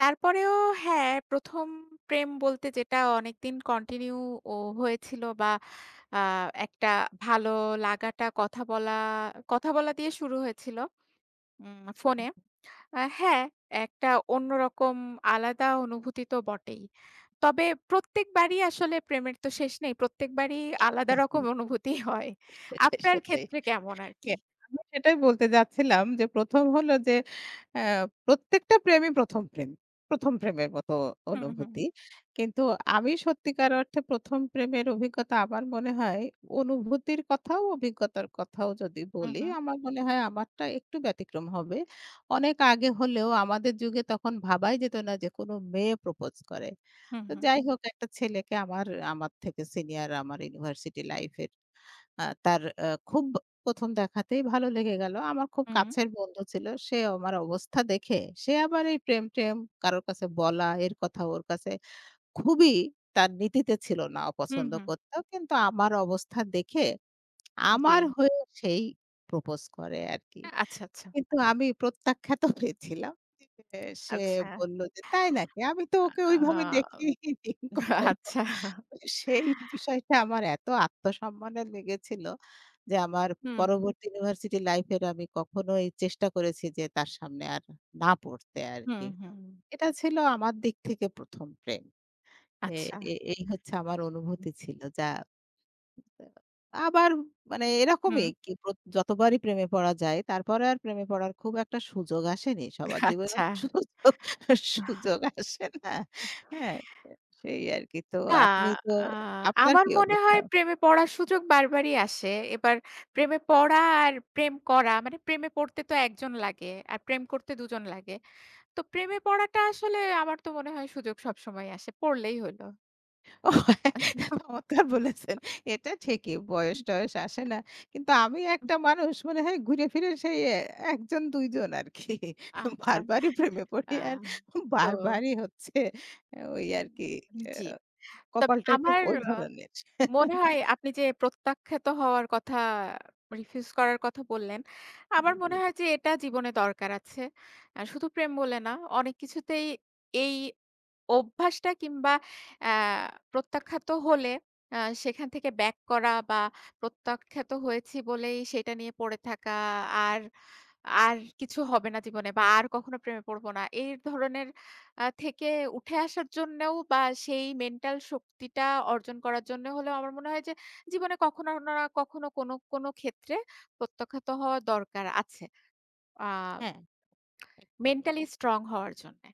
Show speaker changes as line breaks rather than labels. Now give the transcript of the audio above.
তারপরেও হ্যাঁ, প্রথম প্রেম বলতে যেটা অনেকদিন কন্টিনিউও হয়েছিল বা আ একটা ভালো লাগাটা, কথা বলা কথা বলা দিয়ে শুরু হয়েছিল। উম ফোনে। হ্যাঁ, একটা অন্যরকম আলাদা অনুভূতি তো বটেই। তবে প্রত্যেকবারই আসলে প্রেমের তো শেষ নেই। প্রত্যেকবারই আলাদা রকম অনুভূতি হয়।
সেটাই,
আপনার
সেটাই।
ক্ষেত্রে কেমন আর কি?
আমি সেটাই বলতে যাচ্ছিলাম। যে প্রথম হল যে, এ প্রত্যেকটা প্রেমই প্রথম প্রেম। প্রথম প্রেমের মত
হু,
অনুভূতি।
হু।
কিন্তু আমি সত্যিকার অর্থে প্রথম প্রেমের অভিজ্ঞতা আমার মনে হয়। অনুভূতির কথাও অভিজ্ঞতার কথাও যদি
হু,
বলি,
হু।
আমার মনে হয় আমারটা একটু ব্যতিক্রম হবে। অনেক আগে হলেও আমাদের যুগে তখন ভাবাই যেত না, যে কোন মেয়ে প্রপোজ করে।
হু,
তো
হু।
যাই হোক, একটা ছেলেকে আমার, আমার থেকে সিনিয়র, আমার ইউনিভার্সিটি লাইফ এর। আ তার খুব প্রথম দেখাতেই ভালো লেগে গেল। আমার খুব
হুম।
কাছের বন্ধু ছিল। সে আমার অবস্থা দেখে, সে আবার এই প্রেম-ট্রেম কারো কাছে বলা, এর কথা ওর কাছে। খুবই তার নীতিতে ছিল না,
হুম,
অপছন্দ
হুম।
করত। কিন্তু আমার অবস্থা দেখে, আমার
জ্বী।
হয়ে সেই প্রপোজ করে আরকি।
আচ্ছা, আচ্ছা।
কিন্তু আমি প্রত্যাখ্যাত হয়েছিলাম। সে
আচ্ছা।
বলল যে, তাই নাকি? আমি তো ওকে
আ
ওইভাবে দেখিনি কখনো।
আচ্ছা।
সেই বিষয়টা আমার এত আত্মসম্মানে লেগেছিল। যে আমার
হু, হুম।
পরবর্তী ইউনিভার্সিটি লাইফ এর আমি কখনোই চেষ্টা করেছি যে তার সামনে আর না পড়তে
হুম,
আরকি।
হুম।
এটা ছিল আমার দিক থেকে প্রথম প্রেম। এ
আচ্ছা।
এই, এই হচ্ছে আমার
হু।
অনুভূতি ছিল যা আবার মানে
হুম।
এরকমই যতবারই প্রেমে পড়া যায়। তারপরে আর প্রেমে পড়ার খুব একটা সুযোগ আসেনি। সবার জীবনের
আচ্ছা।
সুযোগ, সুযোগ আসে না। হ্যাঁ, সেই আরকি। তো
না,
আপনি তো
আ
আপনার
আমার
কি
মনে
অবস্থা?
হয় প্রেমে পড়ার সুযোগ বারবারই আসে। এবার প্রেমে পড়া আর প্রেম করা মানে প্রেমে পড়তে তো ১ জন লাগে। আর প্রেম করতে ২ জন লাগে। তো প্রেমে পড়াটা আসলে আমার তো মনে হয়, সুযোগ সবসময় আসে পড়লেই হইল।
ও হ্যাঁ,
অনেক দিন পর
চমৎকার বলেছেন। এটা ঠিকই
হু।
বয়স-টয়েস আসে না। কিন্তু আমি
উহু
একটা মানুষ মনে হয়। ঘুরে ফিরে সেই ১ জন ২ জন আরকি।
আচ্ছা,
বারবারই প্রেমে
আ
পড়ি। আর
তো
বারবারই হচ্ছে ওই আরকি।
জ্বী। তবে
কপালটা একটু
আমার
ওই
অ
ধরনের।
মনে হয় আপনি যে প্রত্যাখ্যাত হওয়ার কথা, রিফিউজ করার কথা বললেন।
জ্বী,
আমার
জ্বী।
মনে হয় যে, এটা জীবনে দরকার আছে। শুধু প্রেম বলে না। অনেক কিছুতেই এই অভ্যাসটা কিংবা আ প্রত্যাখ্যাত হলে, আ সেখান থেকে ব্যাক করা বা প্রত্যাখ্যাত হয়েছি বলেই, সেটা নিয়ে পড়ে থাকা। আর, আর কিছু হবে না জীবনে বা আর কখনো প্রেমে পড়ব না। এই ধরনের আ থেকে উঠে আসার জন্যও বা সেই মেন্টাল শক্তিটা অর্জন করার জন্য হলেও আমার মনে হয় যে, "জীবনে কখনো উনারা কখনো না কোন, কোন ক্ষেত্রে প্রত্যাখ্যাত হওয়া দরকার আছে।" আ
হ্যাঁ, একদমই।
মেন্টালি স্ট্রং হওয়ার জন্যে।